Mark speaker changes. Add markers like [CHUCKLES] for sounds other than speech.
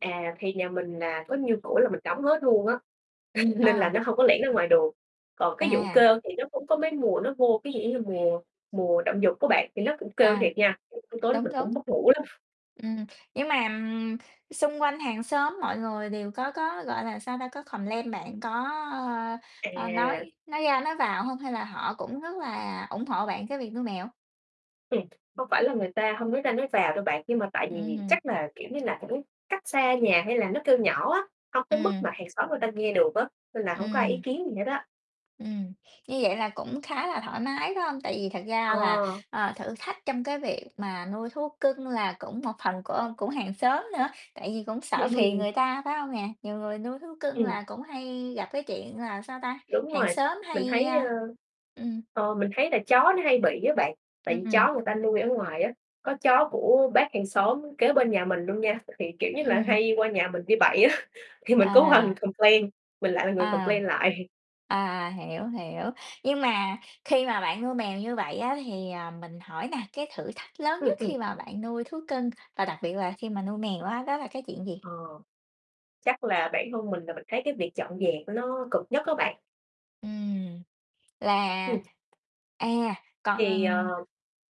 Speaker 1: À, thì nhà mình, à, có nhiêu cửa là mình đóng hết luôn á, [CHUCKLES] nên là
Speaker 2: À.
Speaker 1: nó hông có lẻn ra ngoài được. Còn cái vụ
Speaker 2: À.
Speaker 1: kêu thì nó cũng có mấy mùa nó vô ví dụ giống như mùa mùa động dục đó bạn thì nó cũng kêu
Speaker 2: À,
Speaker 1: thiệt nha, t tối tối
Speaker 2: đúng,
Speaker 1: mình
Speaker 2: đúng.
Speaker 1: cũng mất ngủ đó. [CHUCKLES]
Speaker 2: Ừm, nhưng mà xung quanh hàng xóm mọi người đều có có, gọi là, sao ta, có complain bạn có, ơ, ơ,
Speaker 1: À.
Speaker 2: nói nói ra nói vào hông hay là họ cũng rất là ủng hộ bạn cái việc nuôi mèo?
Speaker 1: Ừm, hông phải là người ta hông nói ra nói vào đâu bạn, nhưng mà tại vì
Speaker 2: Ừm.
Speaker 1: chắc là, kiểu như là, cũng cách xa nhà hay là nó kêu nhỏ á, hông tới mức
Speaker 2: Ừm.
Speaker 1: mà hàng xóm người ta nghe được á, nên là hổng có ai ý
Speaker 2: Ừm.
Speaker 1: kiến gì hết á.
Speaker 2: Ừm, như vậy là cũng khá là thoải mái, phải hông? Tại vì thật
Speaker 1: Ờ.
Speaker 2: ra là, ờ, thử thách trong cái việc mà nuôi thú cưng là cũng một phần của cũng hàng xóm nữa, tại vì cũng sợ
Speaker 1: Trễ nuôi
Speaker 2: phiền
Speaker 1: vầy.
Speaker 2: người ta, phải hông nè? Nhiều người nuôi thú cưng
Speaker 1: Ừm.
Speaker 2: là cũng hay gặp cái chuyện là sao ta,
Speaker 1: Đúng
Speaker 2: hàng
Speaker 1: rồi,
Speaker 2: xóm
Speaker 1: mình
Speaker 2: hay,
Speaker 1: thấy, ơ,
Speaker 2: a ừm.
Speaker 1: ờ, mình thấy là chó nó hay bị á bạn, tại vì
Speaker 2: Ừm.
Speaker 1: chó người ta nuôi ở ngoài á. Có chó của bác hàng xóm kế bên nhà mình luôn nha, thì, kiểu như là,
Speaker 2: Ừm.
Speaker 1: hay qua nhà mình đi bậy á, thì mình cũng qua mình
Speaker 2: À.
Speaker 1: complain, mình lại là người
Speaker 2: À.
Speaker 1: complain lại.
Speaker 2: À, hiểu, hiểu, nhưng mà khi mà bạn nuôi mèo như vậy á thì, à, mình hỏi nè, cái thử thách lớn
Speaker 1: Ừm,
Speaker 2: nhất
Speaker 1: ừm.
Speaker 2: khi mà bạn nuôi thú cưng và đặc biệt là khi mà nuôi mèo á, đó là cái chuyện gì?
Speaker 1: Ờ, chắc là bản thân mình là mình thấy cái việc dọn dẹp của nó cực nhất á bạn.
Speaker 2: Ừm, là
Speaker 1: Ừm.
Speaker 2: à,
Speaker 1: Thì,
Speaker 2: còn
Speaker 1: ờ